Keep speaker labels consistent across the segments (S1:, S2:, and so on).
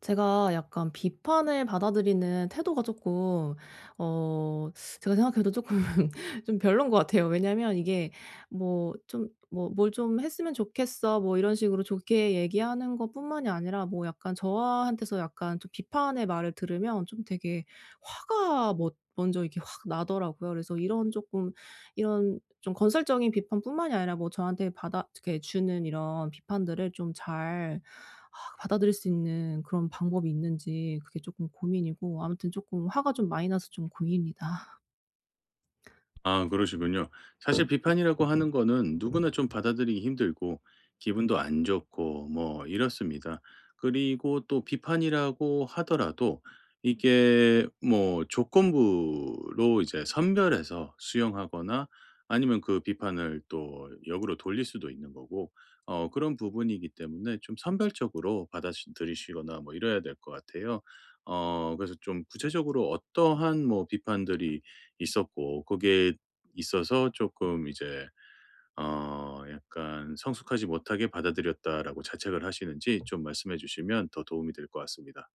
S1: 제가 약간 비판을 받아들이는 태도가 쪼끔 어 제가 생각해도 쪼끔 좀 별론인 것 같아요. 왜냐면 이게 뭐 좀 뭐 "뭘 좀 했으면 좋겠어." 뭐 이런 식으로 좋게 얘기하는 것뿐만이 아니라 뭐 약간 저한테서 약간 좀 비판의 말을 들으면 좀 되게 화가 머 먼저 이렇게 확 나더라고요. 그래서 이런 조금 이런 좀 건설적인 비판뿐만이 아니라 뭐 저한테 받아 즈케 주는 이런 비판들을 좀 잘 받아들일 수 있는 그런 방법이 있는지 그게 조금 고민이고 아무튼 조금 화가 좀 많이 나서 좀 고민입니다.
S2: 아 그러시군요. 사실 비판이라고 하는 거는 누구나 좀 받아들이기 힘들고 기분도 안 좋고 뭐 이렇습니다. 그리고 또 비판이라고 하더라도 이게 뭐 조건부로 이제 선별해서 수용하거나 아니면 그 비판을 또 역으로 돌릴 수도 있는 거고 어 그런 부분이기 때문에 좀 선별적으로 받아시 들이시거나 뭐 이래야 될 것 같아요. 어 그래서 좀 구체적으로 어떠한 뭐 비판들이 있었고 거기에 있어서 조금 이제 어 약간 성숙하지 못하게 받아들였다라고 자책을 하시는지 좀 말씀해 주시면 더 도움이 될 것 같습니다.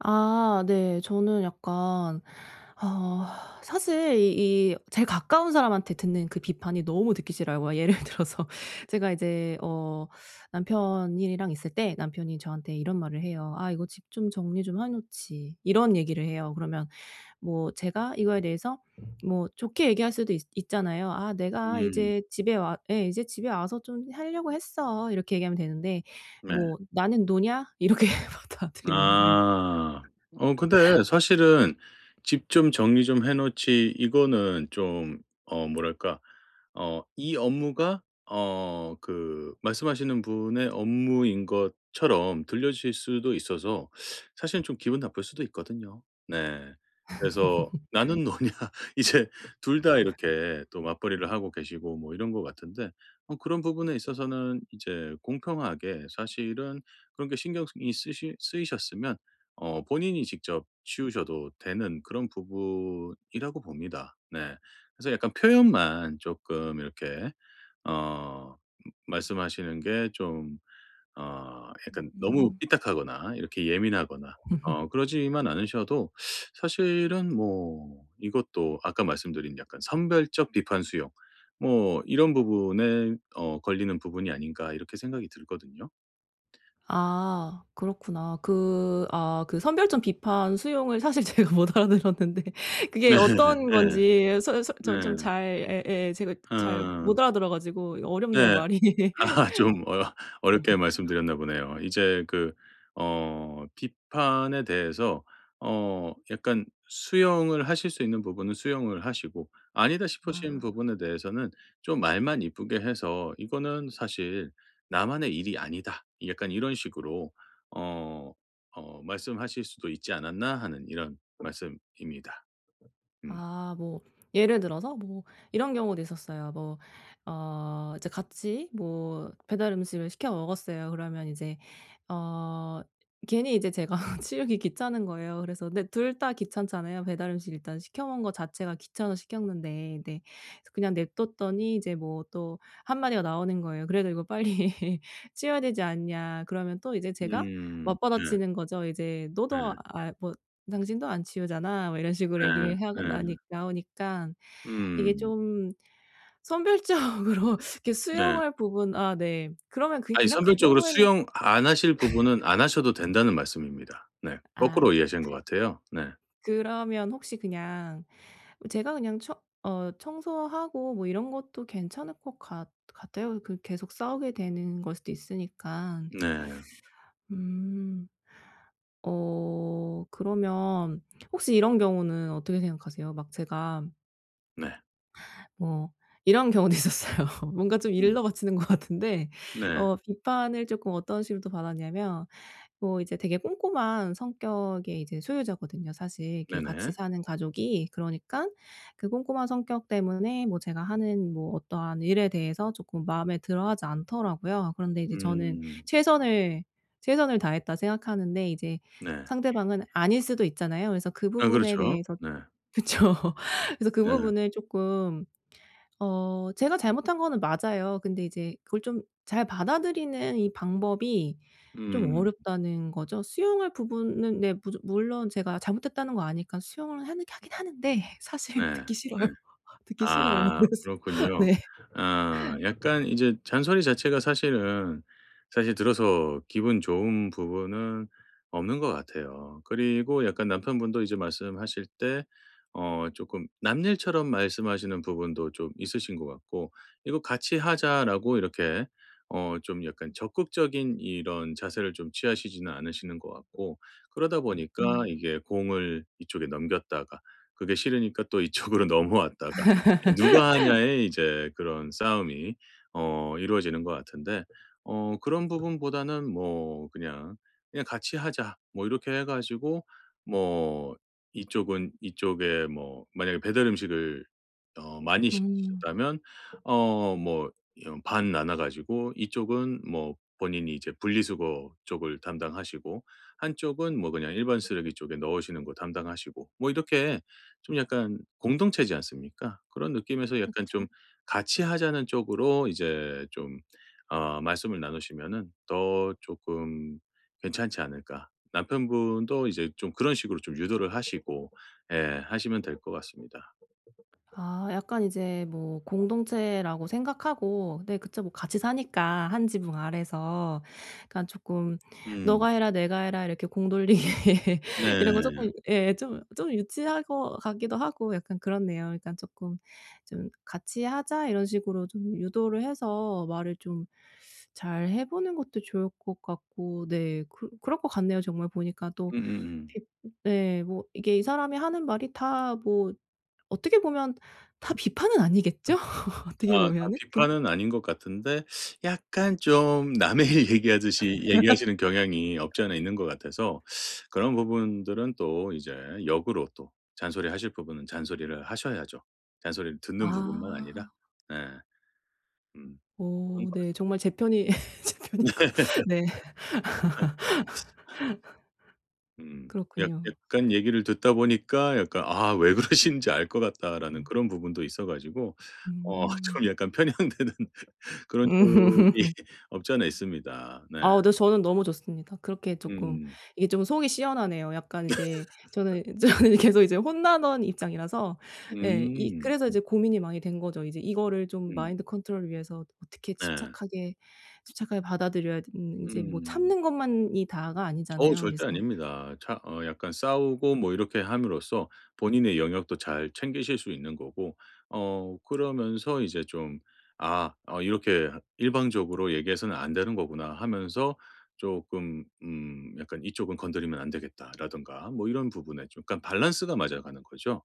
S1: 아. 네. 저는 약간 어 사실 이 이 제일 가까운 사람한테 듣는 그 비판이 너무 듣기 싫어요. 뭐 예를 들어서 제가 이제 어 남편이랑 있을 때 남편이 저한테 이런 말을 해요. "아. 이거 집 좀 정리 좀 해 놓지." 이런 얘기를 해요. 그러면 뭐 제가 이거에 대해서 뭐 좋게 얘기할 수도 있 있잖아요. "아. 내가
S2: 음.
S1: 이제 집에 와" 예. "이제 집에 와서 좀 하려고 했어." 이렇게 얘기하면 되는데
S2: 네.
S1: "뭐 나는 노냐?" 이렇게 받아들이는 거예요.
S2: 아. 어 근데 사실은 "집 좀 정리 좀 해 놓지." 이거는 좀 어 뭐랄까 어 이 업무가 어 그 말씀하시는 분의 업무인 것처럼 들려지실 수도 있어서 사실은 좀 기분 나쁠 수도 있거든요. 네. 그래서 "나는 노냐?" 이제 2 다 이렇게 또 맞벌이를 하고 계시고 뭐 이런 것 같은데 어 그런 부분에 있어서는 이제 공평하게 사실은 그런 게 신경쓰 이 쓰시 쓰이셨으면 어 본인이 직접 치우셔도 되는 그런 부분이라고 봅니다. 네. 그래서 약간 표현만 조금 이렇게 어 말씀하시는 게 좀 어 약간 너무
S1: 음.
S2: 삐딱하거나 이렇게 예민하거나 어 그러지만 않으셔도 사실은 뭐 이것도 아까 말씀드린 약간 선별적 비판 수용 뭐 이런 부분에 어 걸리는 부분이 아닌가 이렇게 생각이 들거든요.
S1: 아. 그렇구나. 그 아 그 선별적 비판 수용을 사실 제가 못 알아 들었는데 그게
S2: 네.
S1: 어떤
S2: 예.
S1: 건지 서 서 전 좀
S2: 네.
S1: 잘 예예. 제가 잘
S2: 어.
S1: 못 알아들어 가지고. 이 어렵네요
S2: 네.
S1: 말이.
S2: 아하 좀 어 어렵게 말씀드렸나 보네요. 이제 그 어 비판에 대해서 어 약간 수용을 하실 수 있는 부분은 수용을 하시고 아니다 싶으신
S1: 아.
S2: 부분에 대해서는 좀 말만 이쁘게 해서 "이거는 사실 나만의 일이 아니다." 약간 이런 식으로 어, 어 말씀하실 수도 있지 않았나 하는 이런 말씀입니다. 음.
S1: 아. 뭐 예를 들어서 뭐 이런 경우도 있었어요. 뭐 어 이제 같이 뭐 배달 음식을 시켜 먹었어요. 그러면 이제 어 괜히 이제 제가 치우기 귀찮은 거예요. 그래서 근데 둘 다 귀찮잖아요. 배달 음식 일단 시켜 먹은 것 자체가 귀찮아서 시켰는데 근데 그래서 그냥 냅뒀더니 이제 뭐 또 1 마디가 나오는 거예요. "그래도 이거 빨리 치워야 되지 않냐?" 그러면 또 이제 제가
S2: 음. 예.
S1: 맞받아치는 거죠. 이제 "너도
S2: 예.
S1: 아이 뭐 당신도 안 치우잖아?" 뭐 이런 식으로
S2: 예
S1: 얘기를 하고
S2: 예.
S1: 나니 나오니까 이게
S2: 음.
S1: 좀 선별적으로 이렇게
S2: 네.
S1: 수용할 부분 아 네. 그러면 그게
S2: 아니
S1: 그냥 그
S2: 선별적으로
S1: 경우에는
S2: 수용 안 하실 부분은 안 하셔도 된다는 말씀입니다. 네.
S1: 아.
S2: 거꾸로 이해하신 것
S1: 그
S2: 같아요. 네.
S1: 그러면 혹시 그냥 뭐 제가 그냥 청 어 청소하고 뭐 이런 것도 괜찮을 것 같 같아요. 그 계속 싸우게 되는 걸 수도 있으니깐.
S2: 네.
S1: 음. 어 그러면 혹시 이런 경우는 어떻게 생각하세요? 막 제가
S2: 네.
S1: 뭐 이런 경우도 있었어요. 뭔가 좀
S2: 음.
S1: 일러바치는 것 같은데
S2: 네.
S1: 어 비판을 조금 어떤 식으로 또 받았냐면 뭐 이제 되게 꼼꼼한 성격의 이제 소유자거든요 사실 이렇게 같이
S2: 네네.
S1: 사는 가족이. 그러니깐 그 꼼꼼한 성격 때문에 뭐 제가 하는 뭐 어떠한 일에 대해서 조금 마음에 들어 하지 않더라고요. 그런데 이제 저는
S2: 음.
S1: '최선을, 최선을 다했다.' 생각하는데 이제
S2: 네.
S1: 상대방은 아닐 수도 있잖아요. 그래서 그
S2: 아
S1: 부분에
S2: 그렇죠.
S1: 대해서
S2: 네.
S1: 좀 그쵸. 그래서 그
S2: 네.
S1: 부분을 조금 어 제가 잘못한 거는 맞아요. 근데 이제 그걸 좀 잘 받아들이는 이 방법이 좀
S2: 음.
S1: 어렵다는 거죠. 수용할 부분은 네. 무조 물론 제가 잘못했다는 거 아니까 수용을 하는 하긴 하는데 사실
S2: 네. 네.
S1: 듣기 싫어요. 듣기 싫어요.
S2: 아
S1: 그래서
S2: 그렇군요.
S1: 네.
S2: 어 약간 이제 잔소리 자체가 사실은 사실 들어서 기분 좋은 부분은 없는 것 같아요. 그리고 약간 남편분도 이제 말씀하실 때 어 조금 남일처럼 말씀하시는 부분도 좀 있으신 것 같고. '이거 같이 하자.' 라고 이렇게 어 좀 약간 적극적인 이런 자세를 좀 취하시지는 않으시는 것 같고. 그러다 보니까
S1: 음.
S2: 이게 공을 이쪽에 넘겼다가 그게 싫으니까 또 이쪽으로 넘어왔다가. 누가 하냐의 이제 그런 싸움이 어 이루어지는 것 같은데. 어 그런 부분보다는 뭐 그냥 '그냥 같이 하자.' 뭐 이렇게 해 가지고 뭐 이쪽은 이쪽에 뭐 만약에 배달 음식을 어 많이
S1: 음.
S2: 시키셨다면 어 뭐 여 반 나눠 가지고 이쪽은 뭐 본인이 이제 분리수거 쪽을 담당하시고 한쪽은 뭐 그냥 일반 쓰레기 쪽에 넣으시는 거 담당하시고. 뭐 이렇게 좀 약간 공동체지 않습니까? 그런 느낌에서 약간 좀
S1: 그쵸.
S2: 같이 하자는 쪽으로 이제 좀 어 말씀을 나누시면은 더 조금 괜찮지 않을까. 남편분도 이제 좀 그런 식으로 좀 유도를 하시고 예 하시면 될 것 같습니다.
S1: 아 약간 이제 뭐 공동체라고 생각하고 네 그쵸 뭐 같이 사니까 1 지붕 아래서. 그니깐 조금
S2: 음.
S1: 너가 해라 내가 해라 이렇게 공 돌리기 이런 거
S2: 네.
S1: 조금 예 좀 좀 유치한 것 같기도 하고 약간 그렇네요. 그러니깐 조금 '좀 같이 하자.' 이런 식으로 좀 유도를 해서 말을 좀 잘 해보는 것도 좋을 것 같고 네. 그 그럴 것 같네요. 정말 보니까 또.
S2: 음음음.
S1: 비 네 뭐 이게 이 사람이 하는 말이 다 뭐 어떻게 보면 다 비판은 아니겠죠? 어떻게
S2: 아 다
S1: 보면은. 그니
S2: 비판은 아닌 것 같은데 약간 좀 남의 일 얘기하듯이 얘기하시는 경향이 없지 않아 있는 것 같아서 그런 부분들은 또 이제 역으로 또 잔소리하실 부분은 잔소리를 하셔야죠. 잔소리를 듣는 부분만 아니라.
S1: 아.
S2: 네. 음 그런
S1: 어
S2: 것 같습니다.
S1: 네 정말 제편이 제편이 있고 네.
S2: 음. 약
S1: 그렇군요.
S2: 약간 얘기를 듣다 보니까 약간 아 '왜 그러시는지 알 것 같다.' 라는
S1: 음.
S2: 그런 부분도 있어 가지고 어
S1: 음.
S2: 좀 약간 편향되는 그런 쪽이 없지 않아 있습니다. 네.
S1: 아우 네 저는 너무 좋습니다. 그렇게 조금
S2: 음.
S1: 이게 좀 속이 시원하네요. 약간 이제 저는 이 저는 이 계속 혼나던 입장이라서. 예 이
S2: 음.
S1: 그래서 이제 고민이 많이 된 거죠. 이제 이거를 좀
S2: 음.
S1: 마인드 컨트롤을 위해서 어떻게
S2: 네.
S1: 침착하게, 침착하게 받아들여야 되는 이제 뭐
S2: 음.
S1: 참는 것만이 다가
S2: 어우
S1: 아니잖아요.
S2: 절대
S1: 그래서
S2: 아닙니다. 차 어 약간 싸우고 뭐 이렇게 함으로써 본인의 영역도 잘 챙기실 수 있는 거고 어 그러면서 이제 좀 아 '어 이렇게 일방적으로 얘기해서는 안 되는 거구나.' 하면서 조금 음 약간 '이쪽은 건드리면 안 되겠다.' 라든가 뭐 이런 부분에 좀 그니까 balance가 맞아가는 거죠.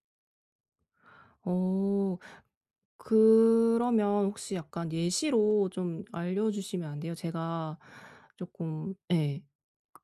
S1: 어. 그러면 혹시 약간 예시로 좀 알려주시면 안 돼요? 제가 쪼끔 예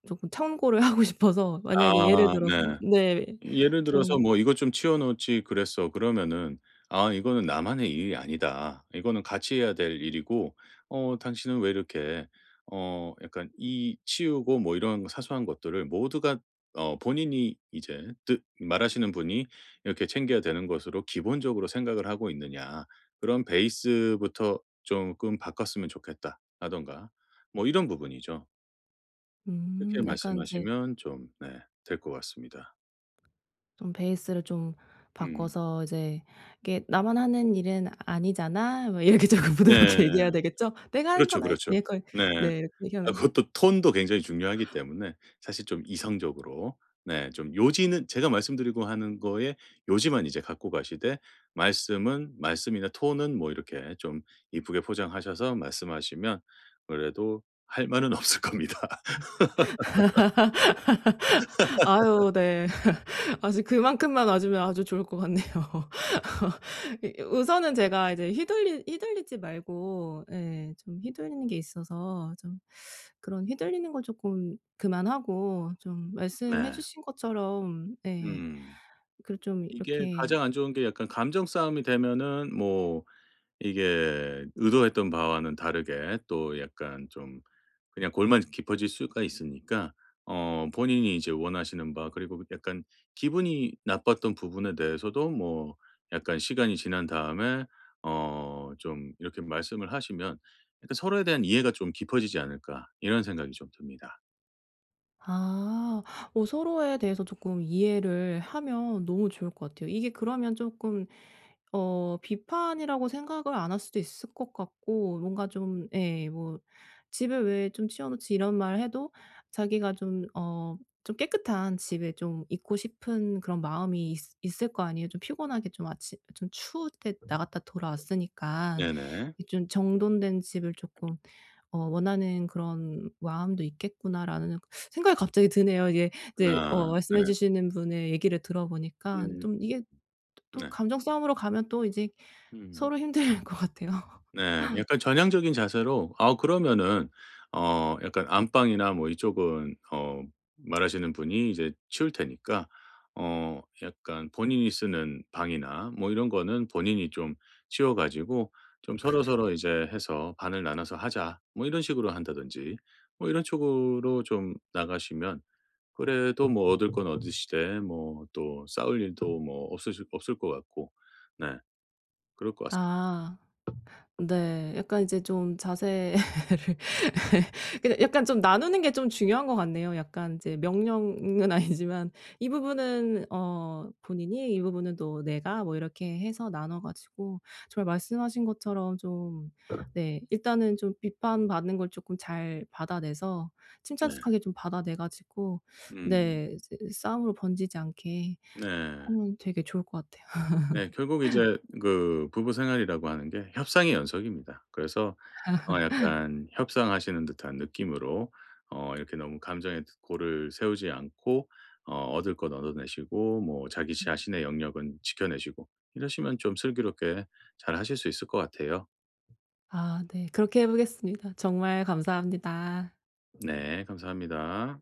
S1: 쪼끔 참고를 하고 싶어서
S2: 아.
S1: 만약에 예를 들어서
S2: 네.
S1: 네.
S2: 예를 들어서
S1: 좀
S2: 뭐 "이것 좀 치워 놓지 그랬어." 그러면은 "아. 이거는 나만의 일이 아니다. 이거는 같이 해야 될 일이고 어 당신은 왜 이렇게 어 약간 이 치우고 뭐 이런 사소한 것들을 모두가" 어. 본인이 이제 뜻 말하시는 분이 이렇게 "챙겨야 되는 것으로 기본적으로 생각을 하고 있느냐. 그런 베이스부터 쪼끔 바꿨으면 좋겠다."라든가 뭐 이런 부분이죠. 그렇게
S1: 음. 약간 이제
S2: 말씀하시면 좀 네 될 것 같습니다.
S1: 좀 베이스를 좀
S2: 음.
S1: 바꿔서 이제 "이게 나만 하는 일은 아니잖아?" 뭐 이렇게 쪼끔
S2: 네.
S1: 부드럽게 얘기해야 되겠죠. "내가 하는
S2: 그렇죠,
S1: 건 아니잖"
S2: 그렇죠.
S1: [unintelligible]
S2: 네.
S1: 네 이렇게
S2: 아
S1: 얘기하는 거
S2: 그것도 톤도 굉장히 중요하기 때문에 사실 좀 이성적으로 네 좀 요지는 제가 말씀드리고 하는 거에 요지만 이제 갖고 가시되 말씀은 말씀이나 톤은 뭐 이렇게 좀 예쁘게 포장하셔서 말씀하시면 아무래도 할 말은 없을 겁니다.
S1: 아유. 네. 아주 그만큼만 와 주면 아주 좋을 것 같네요. 이 우선은 제가 이제 휘둘리 휘둘리지 말고 예. 좀 휘둘리는 게 있어서 좀 그런 휘둘리는 거 쪼끔 그만하고 좀 말씀해
S2: 네.
S1: 주신 것처럼 예
S2: 음.
S1: 그 좀
S2: 이게
S1: 이렇게
S2: 가장 안 좋은 게 약간 감정싸움이 되면은 뭐 이게 의도했던 바와는 다르게 또 약간 좀 그냥 골만 깊어질 수가 있으니까 어 본인이 이제 원하시는 바 그리고 그 약간 기분이 나빴던 부분에 대해서도 뭐 약간 시간이 지난 다음에 어 좀 이렇게 말씀을 하시면 일단 서로에 대한 이해가 좀 깊어지지 않을까 이런 생각이 좀 듭니다.
S1: 아. 어 서로에 대해서 조금 이해를 하면 너무 좋을 것 같아요. 이게 그러면 조금 어 비판이라고 생각을 안 할 수도 있을 것 같고 뭔가 좀 예 뭐 "집에 왜 좀 치워 놓지." 이런 말 해도 자기가 좀 어 좀 깨끗한 집에 좀 있고 싶은 그런 마음이 있으 있을거 아니에요. '좀 피곤하게 좀 아침 좀 추울 때 나갔다 돌아왔으니까.
S2: 네네.
S1: 이 좀 정돈된 집을 조금 어 원하는 그런 마음도 있겠구나.' 라는 생각이 갑자기 드네요. 이게 인제 어
S2: 아 네.
S1: 말씀해 주시는 분의 얘기를
S2: 음.
S1: 들어보니까
S2: 음음.
S1: 좀 이게 또
S2: 네.
S1: 감정 싸움으로 가면 또 이제
S2: 음.
S1: 서로 힘들 것 같아요.
S2: 네 약간 전향적인 자세로 아 그러면은 어 약간 안방이나 뭐 이쪽은 어 말하시는 분이 이제 치울 테니까 어 약간 본인이 쓰는 방이나 뭐 이런 거는 본인이 좀 치워가지고 좀 서로서로 이제 해서 '반을 나눠서 하자.' 뭐 이런 식으로 한다든지 뭐 이런 쪽으로 좀 나가시면 그래도 뭐 얻을 건 얻으시되 뭐 또 싸울 일도 뭐 없으실 없을 것 같고 네. 그럴 것 같습
S1: 아. 네. 약간 이제 좀 자세를 근데 약간 좀 나누는 게 좀 중요한 것 같네요. 약간 이제 명령은 아니지만 이 부분은 어 본인이 이 부분은 또 내가 뭐 이렇게 해서 나눠 가지고 정말 말씀하신 것처럼 좀 네 일단은 좀 비판 받는 걸 조금 잘 받아내서
S2: 네.
S1: 침착습하게 좀 받아내 가지고
S2: 음.
S1: 네 이제 이 싸움으로 번지지 않게
S2: 네.
S1: 하면 되게 좋을 것 같아요.
S2: 네 결국 이제 그 부부생활이라고 하는 게 협상의 연속입니다. 그래서 어 약간 협상하시는 듯한 느낌으로 어 이렇게 너무 감정의 골을 세우지 않고 어 얻을 거 얻어내시고 뭐 자기 자신의 영역은 지켜 내시고. 이러시면 좀 슬기롭게 잘하실 수 있을 것 같아요.
S1: 아 네 그렇게 해보겠습니다. 정말 감사합니다.
S2: 네 감사합니다.